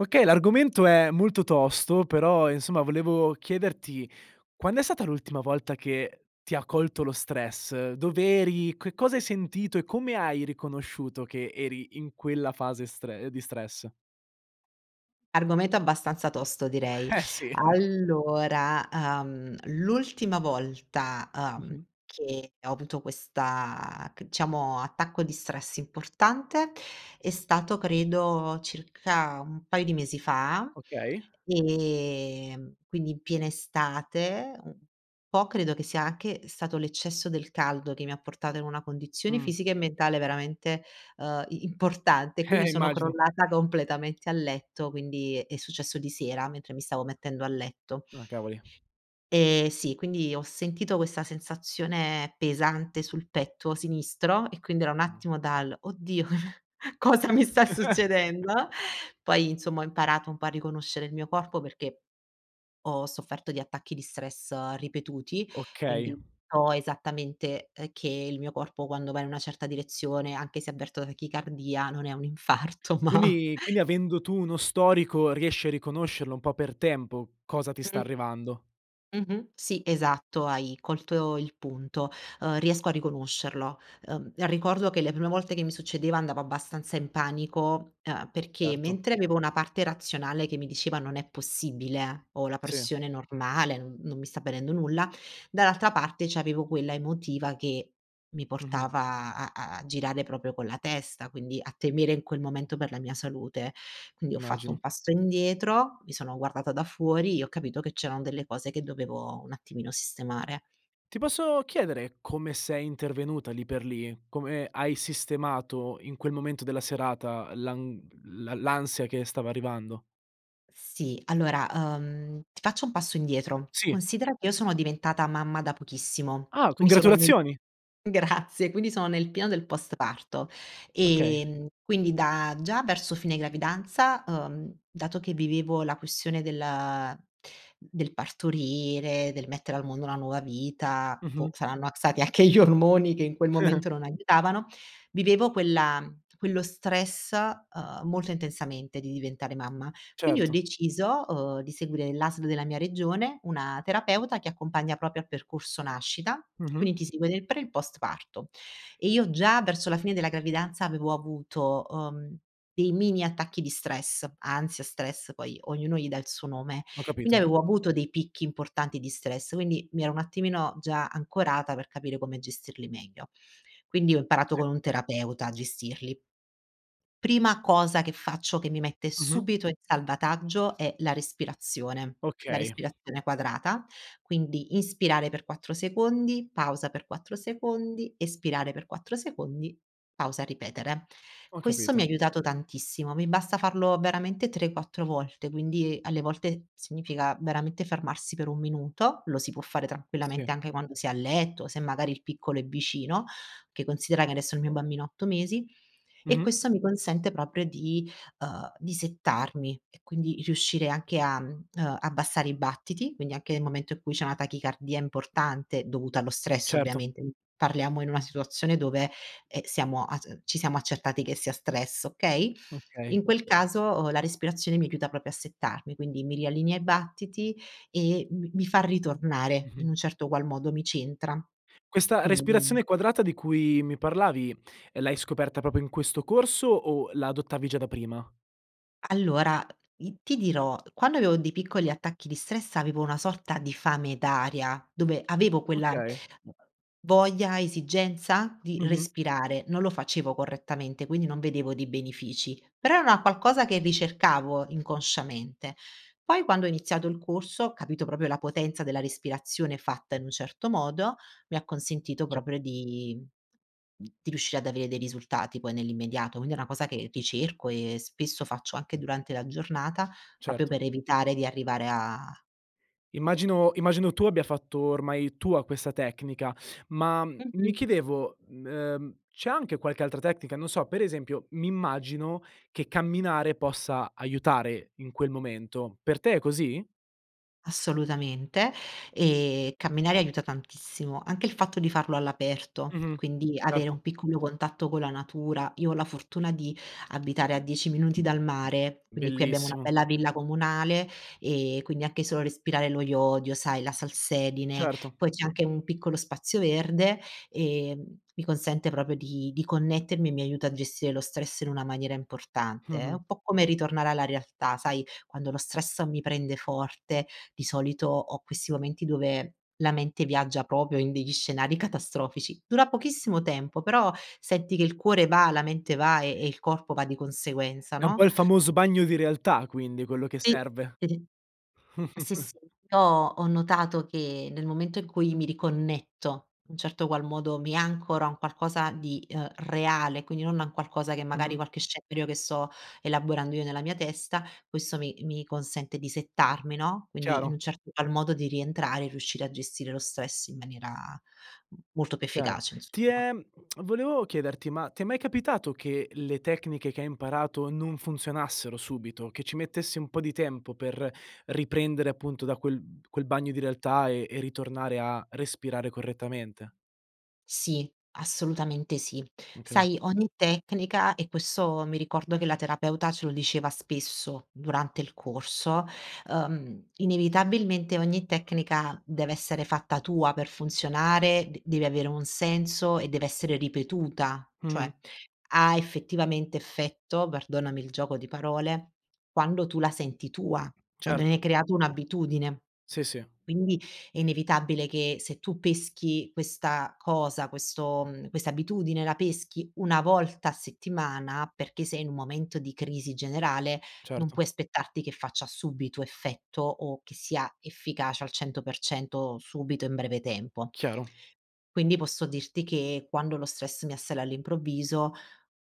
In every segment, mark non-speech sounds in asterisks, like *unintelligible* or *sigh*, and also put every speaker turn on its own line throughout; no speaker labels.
Okay, l'argomento è molto tosto però, insomma volevo chiederti, quand'è stata l'ultima volta che ti ha colto lo stress? Dov'eri? Che cosa hai sentito e come hai riconosciuto che eri in quella fase stre ehm di stress?
Argomento, abbastanza tosto direi.
Eh sì, eh.
Allora, ehm, l'ultima volta, ehm,
Mh-mh.
che ho avuto questa, c diciamo attacco di stress importante è stato credo circa un paio di mesi fa,
Okay.
ehm, quindi in piena estate un po' credo che sia anche stato l'eccesso del caldo che mi ha portato in una condizione
Mh.
fisica e mentale veramente, ehm, i importante e quindi
Eh,
sono
immagino.
crollata completamente a letto quindi è successo di sera mentre mi stavo mettendo a letto.
Ah, cavoli.
E sì quindi ho sentito questa sensazione pesante sul petto sinistro e quindi era un
Mh.
attimo dal “oddio cosa mi sta succedendo”,
*chuckles*
poi insomma ho imparato un po' a riconoscere il mio corpo perché ho sofferto di attacchi di stress ripetuti
Okay.
quindi so esattamente, ehm, che il mio corpo quando va in una certa direzione anche se avverto tachicardia non è un infarto ma
Quindi quindi avendo tu uno storico riesci a riconoscerlo un po' per tempo cosa ti sta
Mh-mh.
arrivando?
Mh-mh, sì esatto, hai colto il punto, ehm, riesco a riconoscerlo, ehm, ricordo che le prime volte che mi succedeva andavo abbastanza in panico, emh, perché
Certo.
mentre avevo una parte razionale che mi diceva non è possibile, ho la
Sì.
pressione normale non non mi sta venendo nulla, dall'altra parte c'avevo quella emotiva che mi
Mh-mh.
portava a a girare proprio con la testa, quindi a temere in quel momento per la mia salute, quindi ho fatto
Immagino.
un passo indietro, mi sono guardata da fuori, e ho capito che c'erano delle cose che dovevo un attimino sistemare.
Ti posso chiedere, come sei intervenuta lì per lì? Come hai sistemato in quel momento della serata l'an l l'ansia che stava arrivando?
Sì allora, emh, ti faccio un passo indietro,
Sì.
considera che io sono diventata mamma da pochissimo,
Ah,
quindi sono nel
congratulazioni!
Grazie quindi sono nel pieno del post-parto,
Okay.
ehm, quindi da già verso fine gravidanza, emh, dato che vivevo la questione del del partorire, del mettere al mondo una nuova vita, boh
Mh-mh.
saranno ac stati anche gli ormoni che in quel
*chuckles*
momento non aiutavano, vivevo quella quello stress, ehm, molto intensamente di diventare mamma. Quindi ho
Certo.
deciso, umh, di seguire l'ASL della mia regione una terapeuta che accompagna proprio a percorso nascita,
Mh-mh.
quindi ti segue nel pre e il post parto e io già verso la fine della gravidanza avevo avuto, umh, dei mini attacchi di stress, ansia, stress poi ognuno gli dà il suo nome
Ho
quindi
capito.
avevo avuto dei picchi importanti di stress, quindi, mi ero un attimino già ancorata per capire come gestirli meglio. Quindi ho imparato
Sì.
con un terapeuta a gestirli. Prima cosa che faccio che mi mette
Mh-mh.
subito in salvataggio è la respirazione. La
Okay.
respirazione quadrata, quindi inspirare per 4 secondi, pausa per 4 secondi, espirare per 4 secondi, pausa, ripetere.
Ho
Questo mi ha
capito.
aiutato tantissimo, mi basta farlo veramente 3, 4 volte quindi, alle volte, significa veramente fermarsi per 1 minuto, lo si può fare tranquillamente
Sì.
anche quando si è a letto se magari il piccolo è vicino, che considera che adesso il mio bambino ha 8 mesi e
Mh-mh.
questo mi consente proprio di, ehm, di settarmi e quindi riuscire anche a, mhmm ehm, abbassare i battiti quindi anche nel momento in cui c'è una tachicardia importante dovuta allo stress
Certo.
ovviamente, parliamo in una situazione dove, emh, siamo a c ci siamo accertati che sia stress, okay?
Okay.
In quel caso la respirazione mi aiuta proprio a settarmi quindi mi riallinea i battiti e m mi fa ritornare, in
Mh-mh.
un certo qual modo, mi ci entra,
Questa
quindi
respirazione quadrata di cui mi parlavi, l'hai scoperta proprio in questo corso o la adottavi già da prima?
Allora, i ti dirò, quando avevo dei piccoli attacchi di stress avevo una sorta di fame d'aria, dove avevo quella
Okay.
voglia, esigenza, di
Mh-mh.
respirare non lo facevo correttamente quindi non vedevo dei benefici però era una qualcosa che ricercavo inconsciamente, poi quando ho iniziato il corso ho capito proprio la potenza della respirazione fatta in un certo modo, mi ha consentito
Ce
proprio di mhmm di riuscire ad avere dei risultati poi nell'immediato quindi è una cosa che ricerco e spesso faccio anche durante la giornata proprio
Certo.
per evitare di arrivare a
Immagino immagino tu abbia fatto ormai tua questa tecnica, ma, mhmm, mi
Mh-mh.
chiedevo, m ehm, c'è anche qualche altra tecnica, non so, pre esempio, m'immagino che camminare possa aiutare in quel momento, per te è così?
Assolutamente e camminare aiuta tantissimo, anche il fatto di farlo all'aperto,
Mh-mh.
quindi avere
Certo.
un piccolo contatto con la natura, io ho la fortuna di abitare a 10 minuti dal mare, quindi qui abbiamo una
Bellissimo.
bella villa comunale e quindi anche solo respirare lo iodio, sai, la salsedine
Certo.
poi c'è anche un piccolo spazio verde e, mhmm, mi consente proprio di di connettermi e mi aiuta a gestire lo stress in una maniera importante, è
Mh-mh.
un po' come ritornare alla realtà, sai, quando lo stress mi prende forte di solito ho questi momenti dove la mente viaggia proprio in degli scenari catastrofici. Dura pochissimo tempo però senti che il cuore va, la mente va e e il corpo va di conseguenza,
È un
no
po' il famoso bagno di realtà quindi quello che
Sì.
serve.
*unintelligible* Sì,
*chuckles*
sì, io ho notato che nel momento in cui mi riconnetto, un certo qual modo, mi ancora un qualcosa di, ehm, reale quindi non a un qualcosa che magari
Mh-mh.
qualche scenario che sto elaborando io nella mia testa, questo mi mi consente di settarmi no, quindi in
Chiaro.
un certo qual modo di rientrare e riuscire a gestire lo stress in maniera m molto più
Chiaro,
efficace
ti
insomma.
è *tsk* volevo chiederti, ma ti è mai capitato che le tecniche che hai imparato non funzionassero subito? Che ci mettesse un po' di tempo per riprendere appunto da quel quel bagno di realtà e e ritornare a respirare correttamente?
Sì, assolutamente sì.
Okay.
Sai ogni tecnica e questo mi ricordo che la terapeuta ce lo diceva spesso durante il corso, ehm, inevitabilmente ogni tecnica deve essere fatta tua per funzionare d deve avere un senso e deve essere ripetuta, cioè,
Mh-mh.
ha effettivamente effetto, perdonami il gioco di parole, quando tu la senti tua, quando ne
Certo.
hai creato un'abitudine,
Sì, sì.
quindi è inevitabile che se tu peschi questa cosa questo mhmm, questa abitudine la peschi 1 volta a settimana perché sei in un momento di crisi generale non
Certo.
puoi aspettarti che faccia subito effetto o che sia efficace al 100% o subito in breve tempo.
Chiaro.
Quindi posso dirti che quando lo stress mi assale all'improvviso,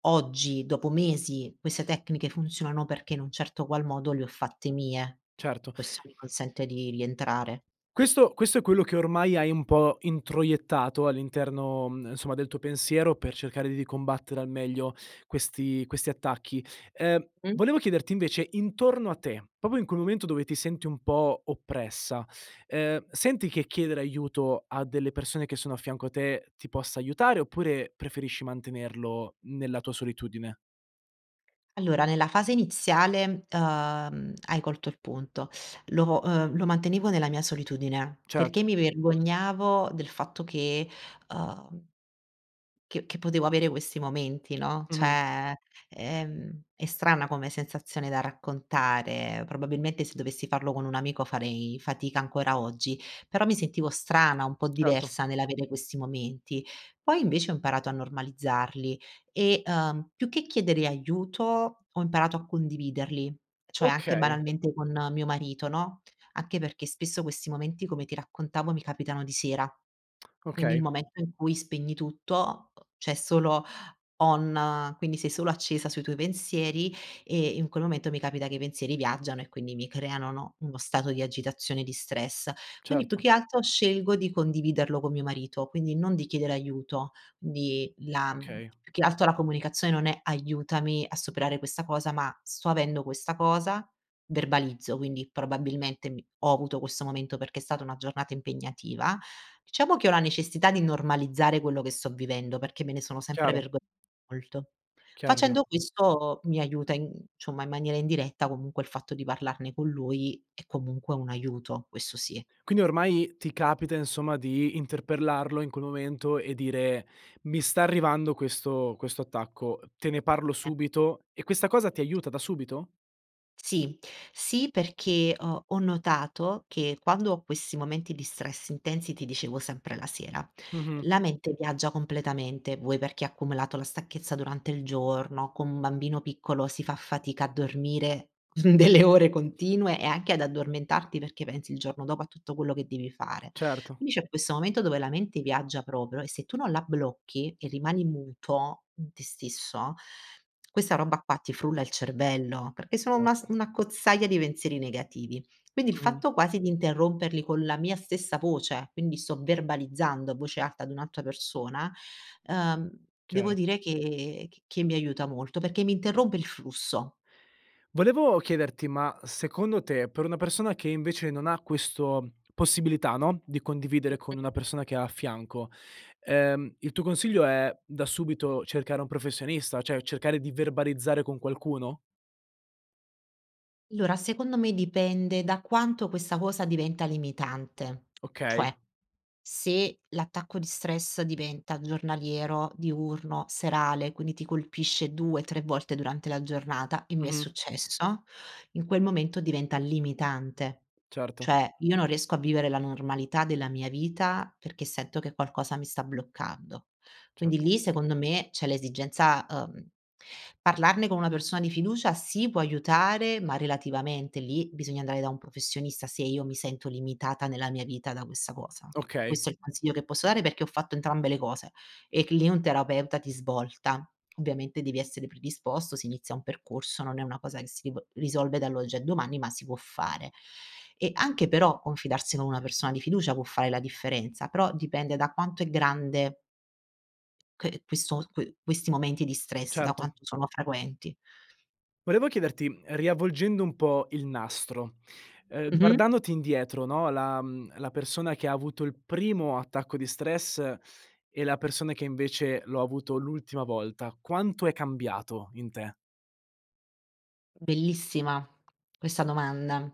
oggi, dopo mesi, queste tecniche funzionano perché in un certo qual modo le ho fatte mie e
Certo.
questo mi consente di rientrare.
Questo questo è quello che ormai hai un po' introiettato all'interno, mhmm, insomma del tuo pensiero per cercare di combattere al meglio questi questi attacchi. Ehm,
Mh.
volevo chiederti invece, intorno a te, proprio in quel momento dove ti senti un po' oppressa, ehm, senti che chiedere aiuto a delle persone che sono a fianco a te ti possa aiutare, oppure, preferisci mantenerlo nella tua solitudine?
Allora nella fase iniziale, emh, hai colto il punto. Lo, uhm, lo mantenevo nella mia solitudine, perché
Certo.
mi vergognavo del fatto che, umh che che potevo avere questi momenti, no,
Mh-mh.
cioè emh, è strana come sensazione da raccontare, probabilmente se dovessi farlo con un amico farei fatica ancora oggi, però mi sentivo strana un po'
Certo.
diversa nell'avere questi momenti, poi invece ho imparato a normalizzarli e, uhm, più che chiedere aiuto ho imparato a condividerli, cioè anche
Okay.
banalmente con mio marito, no, anche perché spesso questi momenti come ti raccontavo mi capitano di sera. Quindi il
Okay.
momento in cui spegni tutto, c'è solo on quindi sei solo accesa sui tuoi pensieri e in quel momento mi capita che i pensieri viaggiano e quindi mi creano, no, uno stato di agitazione di stress, quindi più
Certo.
che altro scelgo di condividerlo con mio marito, quindi non di chiedere aiuto, quindi la mhmm
Okay.
più che altro la comunicazione non è “aiutami a superare questa cosa” ma “sto avendo questa cosa” verbalizzo, quindi probabilmente mi ho avuto questo momento perché è stata una giornata impegnativa. Diciamo che ho la necessità di normalizzare quello che sto vivendo, perché me ne sono sempre
Chiaro.
vergo molto.
*unintelligible*
Facendo questo mi aiuta in ciomma in maniera indiretta comunque il fatto di parlarne con lui, è comunque un aiuto, questo sì.
Quindi ormai ti capita insomma di interpellarlo in quel momento e dire: “Mi sta arrivando questo questo attacco, te ne parlo
Eh.
subito.” e questa cosa ti aiuta da subito?
Sì. Sì perché ho ho notato che quando ho questi momenti di stress intensi ti dicevo sempre la sera.
Mh-mh.
La mente viaggia completamente, vuoi perché ha accumulato la stanchezza durante il giorno con un bambino piccolo si fa fatica a dormire delle ore continue e anche ad addormentarti perché pensi il giorno dopo a tutto quello che devi fare.
Certo.
Quindi c'è questo momento dove la mente viaggia proprio e se tu non la blocchi e rimani muto, in te stesso, questa roba qua ti frulla il cervello, perché sono una s
Certo.
un'accozzaglia di pensieri negativi, quindi il
Mh-mh.
fatto quasi di interromperli con la mia stessa voce, quindi sto verbalizzando a voce alta ad un'altra persona, ehm, devo
Chiaro.
dire che c che mi aiuta molto, perché mi interrompe il flusso.
Volevo chiederti ma, secondo te, per una persona che invece non ha questo possibilità, no, di condividere
Mh-mh.
con una persona che ha a fianco, ehm, il tuo consiglio è da subito cercare un professionista, cioè cercare di verbalizzare con qualcuno?
Allora secondo me dipende da quanto questa cosa diventa limitante,
Okay.
cioè, se l'attacco di stress diventa giornaliero, diurno, serale quindi ti colpisce 2, 3 volte durante la giornata e mi è
Mh-mh.
successo, in quel momento diventa limitante,
Certo.
cioè, io non riesco a vivere la normalità della mia vita perché sento che qualcosa mi sta bloccando, quindi
Certo.
lì, secondo me, c'è l'esigenza, uhm parlarne con una persona di fiducia sì, può aiutare, ma relativamente, lì bisogna andare da un professionista se io mi sento limitata nella mia vita da questa cosa.
Okay.
Questo è il consiglio che posso dare perché ho fatto entrambe le cose e c lì un terapeuta ti svolta, ovviamente devi essere predisposto, si inizia un percorso non è una cosa che si riv risolve dall'oggi al domani ma si può fare, e anche però confidarsi con una persona di fiducia può fare la differenza, però dipende da quanto è grande que questo, que questi momenti di stress da
Certo.
quanto sono frequenti.
Volevo chiederti, mhmm, riavvolgendo un po' il nastro, ehm,
Mh-mh.
guardandoti indietro, no, la mhmm, la persona che ha avuto il primo attacco di stress e la persona che invece l'ho avuto l'ultima volta quanto è cambiato, in te?
Bellissima, questa domanda.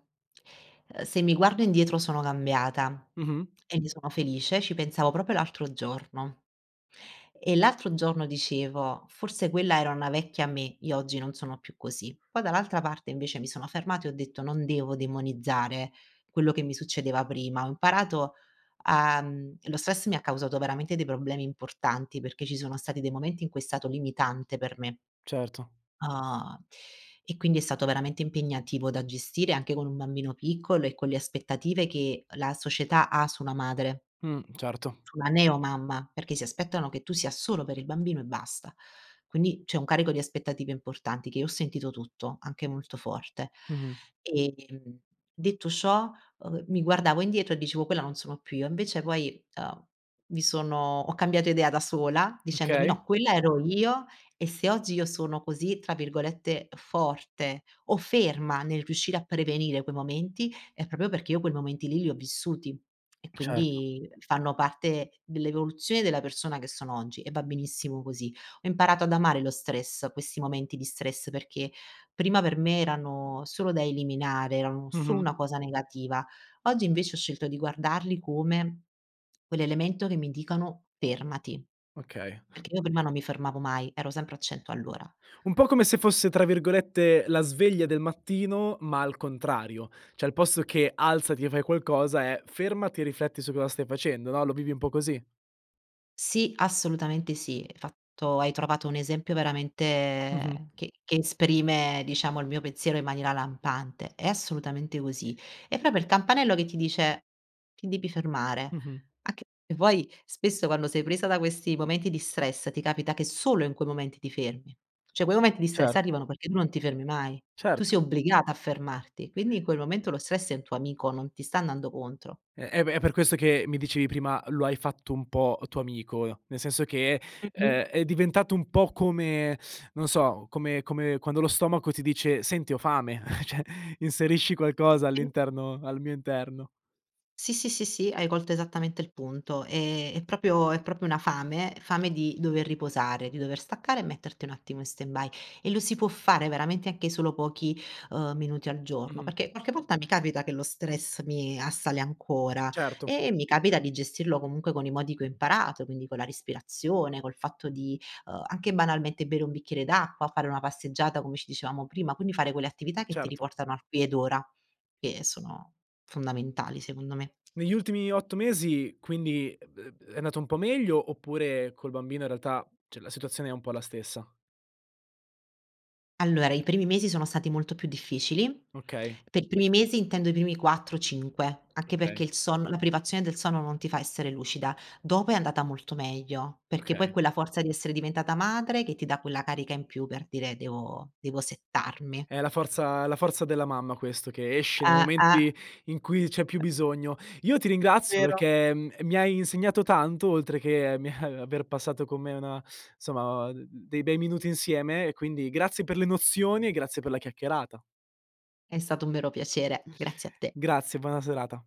Se mi guardo indietro sono cambiata
Mh-mh.
e ne sono felice ci pensavo proprio l'altro giorno e l'altro giorno dicevo: “Forse quella era una vecchia me io oggi non sono più così”, poi dall'altra parte invece mi sono fermata e ho detto: “Non devo demonizzare quello che mi succedeva prima” ho imparato a mhmm, lo stress mi ha causato veramente dei problemi importanti perché ci sono stati dei momenti in cui è stato limitante per me.
Certo.
Uhm, e quindi è stato veramente impegnativo da gestire anche con un bambino piccolo e con le aspettative che la società ha su una madre
Mh, certo.
su una neo mamma, perché si aspettano che tu sia solo per il bambino e basta. Quindi c'è un carico di aspettative importanti che io ho sentito tutto, anche molto forte.
Mh-mh.
Ehm, detto ciò, uhm, mi guardavo indietro e dicevo: “Quella non sono più io.” invece poi, ehm, mi sono ho cambiato idea da sola dicendomi:
Okay.
“No quella ero io e se oggi io sono così tra virgolette "forte o ferma" nel riuscire a prevenire quei momenti è proprio perché io quei momenti lì li ho vissuti e
Certo.
quindi fanno parte dell'evoluzione della persona che sono oggi e va benissimo così.” Ho imparato ad amare lo stress, questi momenti di stress perché prima per me erano solo da eliminare erano solo
Mh-mh.
una cosa negativa. Oggi invece ho scelto di guardarli come, quell'elemento che mi dicono: “Fermati”,
Okay.
perché io prima non mi fermavo mai, ero sempre a 100 all'ora.
Un po' come se fosse tra virgolette “la sveglia del mattino” ma al contrario, cioè al posto che alzati e fai qualcosa è fermati e rifletti su cosa stai facendo, no, lo vivi un po' così?
Sì, assolutamente sì, fatto hai trovato un esempio
Mh-mh.
veramente che che esprime diciamo il mio pensiero in maniera lampante. È assolutamente così. È proprio il campanello che ti dice: “Ti devi fermare.”
Mh-mh.
a c vuoi spesso quando sei presa da questi momenti di stress ti capita che solo in quei momenti ti fermi, cioè quei momenti di stress
Cer
arrivano perché non ti fermi mai, tu
Cert
sei obbligata a fermarti, quindi in quel momento lo stress è un tuo amico non ti sta andando contro.
Eh eh beh è per questo che mi dicevi prima “lo hai fatto un po' tuo amico” nel senso che,
Mh-mh.
ehm, è diventato un po' come, *sucks teeth* non so, come come quando lo stomaco ti dice “senti ho fame” cioè inserisci
Sì,
qualcosa
sì.
all'interno al mio interno.
Sì, sì, sì, sì, hai colto esattamente il punto, ehm, è proprio è proprio una fame, fame di dover riposare, di dover staccare e metterti un attimo in stand-by e lo si può fare veramente anche solo pochi, uhm, minuti al giorno,
Mh-mh.
perché qualche volta mi capita che lo stress mi assale ancora
Certo.
e e mi capita di gestirlo comunque con i modi che ho imparato quindi con la respirazione, col fatto di, ehm, anche banalmente bere un bicchiere d'acqua, fare una passeggiata come ci dicevamo prima, quindi fare quelle attività che ti
Certo.
riportano al qui ed ora, che sono, fondamentali secondo me.
Negli ultimi 8 mesi, quindi, eb eb è andato un po' meglio oppure col bambino in realtà, cioè la situazione è un po' la stessa?
Allora i primi mesi sono stati molto più difficili,
Okay.
per i primi mesi intendo i primi 4, 5 anche
Okay.
perché il son la privazione del sonno non ti fa essere lucida, dopo è andata molto meglio, perché poi
Okay.
quella forza di essere diventata madre che ti dà quella carica in più per dire devo devo settarmi.
È la forza è la forza della mamma questo che esce nei
Ah, ah.
momenti in cui c'è più bisogno. Io ti ringrazio
Vero.
perché, mhmm, mi hai insegnato tanto oltre che, mi, eh aver passato con me insomma d d dei bei minuti insieme e quindi grazie per le nozioni e grazie per la chiacchierata.
È stato un vero piacere. Grazie a te.
Grazie, buona serata.